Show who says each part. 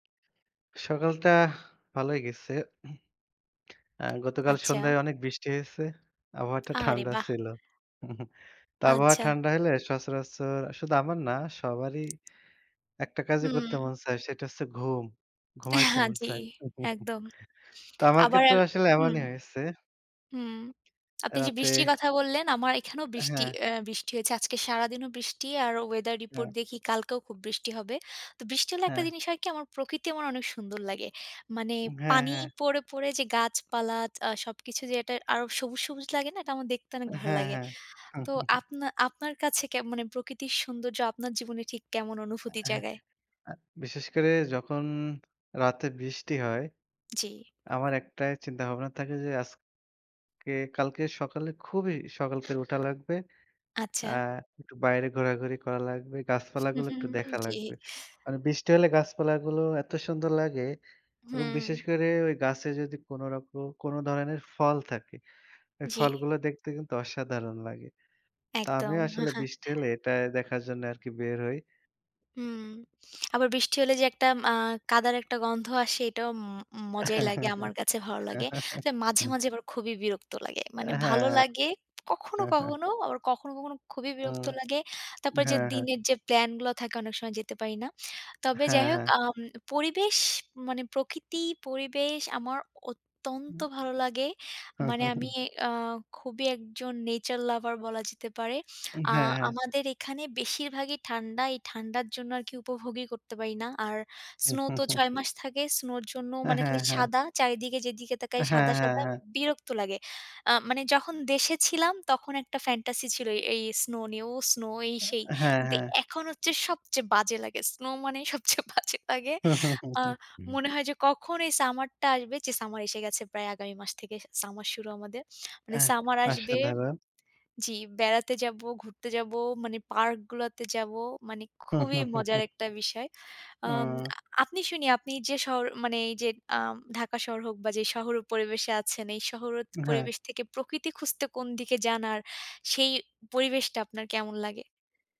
Speaker 1: সকালটা ভালোই গেছে আ গতকাল
Speaker 2: আচ্ছা।
Speaker 1: সন্ধ্যায় অনেক বৃষ্টি হয়েছে। আবহাওয়াটা
Speaker 2: আরে
Speaker 1: ঠান্ডা
Speaker 2: বাহ!
Speaker 1: ছিল। তো আবহাওয়া
Speaker 2: আচ্ছা।
Speaker 1: ঠান্ডা হইলে সচরাচর শুধু আমার না, সবারই একটা কাজই করতে
Speaker 2: হুম।
Speaker 1: মন চায়, সেটা হচ্ছে ঘুম।
Speaker 2: অ্যা
Speaker 1: ঘুমাইতে
Speaker 2: হ্যাঁ
Speaker 1: মন
Speaker 2: জি,
Speaker 1: চায়।
Speaker 2: একদম।
Speaker 1: তো আমার
Speaker 2: আবার
Speaker 1: ক্ষেত্রেও
Speaker 2: এর
Speaker 1: আসলে
Speaker 2: হুম।
Speaker 1: এমনই হয়েছে।
Speaker 2: হুম। আপনি যে বৃষ্টির
Speaker 1: রাতে
Speaker 2: কথা বললেন, আমার এখানেও
Speaker 1: অ্যা
Speaker 2: বৃষ্টি
Speaker 1: হ্যাঁ।
Speaker 2: অ্যা বৃষ্টি হয়েছে। আজকে সারাদিনও বৃষ্টি আর weather report
Speaker 1: হ্যাঁ।
Speaker 2: দেখি কালকেও খুব বৃষ্টি হবে। তো বৃষ্টি হলে একটা
Speaker 1: হ্যাঁ।
Speaker 2: জিনিস হয় কী, আমার প্রকৃতি আমার অনেক সুন্দর লাগে। মানে
Speaker 1: হ্যাঁ,
Speaker 2: পানি
Speaker 1: হ্যাঁ।
Speaker 2: পড়ে, পড়ে, যে গাছপালা আ সবকিছু যে এটা আরও সবুজ, সবুজ লাগে না? এটা আমার দেখতে অনেক ভালো
Speaker 1: হ্যাঁ,
Speaker 2: লাগে।
Speaker 1: হ্যাঁ।
Speaker 2: তো আপনা আপনার কাছে কে মানে প্রকৃতির সৌন্দর্য আপনার জীবনে ঠিক কেমন
Speaker 1: অ্যা
Speaker 2: অনুভূতি
Speaker 1: হ্যাঁ।
Speaker 2: জাগায়?
Speaker 1: অ্যা বিশেষ করে যখন রাতে বৃষ্টি হয়,
Speaker 2: জি।
Speaker 1: আমার একটাই চিন্তাভাবনা থাকে যে, আজকে কালকে সকালে খুবই সকাল থেকে উঠা লাগবে। অ্যা
Speaker 2: আচ্ছা।
Speaker 1: একটু বাইরে ঘোরাঘুরি করা লাগবে। গাছপালাগুলো একটু দেখা
Speaker 2: জি।
Speaker 1: লাগবে। মানে বৃষ্টি হলে গাছপালাগুলো এত সুন্দর লাগে এবং বিশেষ
Speaker 2: হুম।
Speaker 1: করে ওই গাছে যদি কোনো রকম কোনো ধরনের ফল থাকে, ওই
Speaker 2: জি।
Speaker 1: ফলগুলো দেখতে কিন্তু অসাধারণ লাগে। তা
Speaker 2: একদম।
Speaker 1: আমিও আসলে বৃষ্টি হলে এটা দেখার জন্যে আরকি বের হই।
Speaker 2: হুম। আবার বৃষ্টি হলে যে একটা আ কাঁদার একটা গন্ধ আসে, এটাও ম মজাই লাগে। আমার কাছে ভালো লাগে। তবে মাঝে, মাঝে, আবার খুবই বিরক্ত লাগে। মানে
Speaker 1: অ্যা
Speaker 2: ভালো
Speaker 1: হ্যাঁ।
Speaker 2: লাগে কখনো,
Speaker 1: হ্যাঁ, হ্যাঁ।
Speaker 2: কখনো। আবার কখনো, কখনো খুবই
Speaker 1: উম
Speaker 2: বিরক্ত লাগে। তারপরে যে
Speaker 1: হ্যাঁ, হ্যাঁ।
Speaker 2: দিনের যে প্ল্যানগুলা থাকে, অনেক সময় যেতে পারি না। তবে যাই
Speaker 1: হ্যাঁ,
Speaker 2: হোক,
Speaker 1: হ্যাঁ।
Speaker 2: আম পরিবেশ মানে প্রকৃতি, পরিবেশ আমার
Speaker 1: উ
Speaker 2: অত্যন্ত ভালো লাগে। মানে আমি আ খুবই একজন nature lover বলা যেতে পারে।
Speaker 1: উম
Speaker 2: আ
Speaker 1: হ্যাঁ, হ্যাঁ।
Speaker 2: আমাদের এখানে বেশিরভাগই ঠান্ডা। এই ঠান্ডার জন্য আরকি উপভোগই করতে পারি না। আর snow তো ৬ মাস থাকে। snow-র জন্য
Speaker 1: অ্যা
Speaker 2: মানে
Speaker 1: হ্যাঁ,
Speaker 2: খালি
Speaker 1: হ্যাঁ।
Speaker 2: সাদা। চারিদিকে যেদিকে
Speaker 1: অ্যা
Speaker 2: তাকাই,
Speaker 1: হ্যাঁ,
Speaker 2: সাদা,
Speaker 1: হ্যাঁ,
Speaker 2: সাদা,
Speaker 1: হ্যাঁ।
Speaker 2: বিরক্ত লাগে। আ মানে যখন দেশে ছিলাম, তখন একটা fantasy ছিল এই, এই snow নিয়েও। snow এই সেই।
Speaker 1: আ হ্যাঁ,
Speaker 2: কিন্তু
Speaker 1: হ্যাঁ।
Speaker 2: এখন হচ্ছে সবচেয়ে বাজে লাগে। snow মানেই সবচেয়ে বাজে লাগে আ মনে হয় যে কখন এই summer-টা আসবে। যে summer এসে গেছে প্রায় আগামী মাস থেকে summer শুরু আমাদের। মানে
Speaker 1: অ্যা
Speaker 2: summer আসবে
Speaker 1: অসাধারণ।
Speaker 2: জি, বেড়াতে যাব, ঘুরতে যাব, মানে পার্কগুলাতে যাব। মানে খুবই মজার একটা বিষয়। আম
Speaker 1: ও!
Speaker 2: আপনি শুনি আপনি যে শহর, মানে এই যে আম ঢাকা শহর হোক বা যে শহর হোক পরিবেশে আছেন, এই শহর ওত
Speaker 1: উ হ্যাঁ।
Speaker 2: পরিবেশ থেকে প্রকৃতি খুঁজতে কোন দিকে যান আর সেই পরিবেশটা আপনার কেমন লাগে?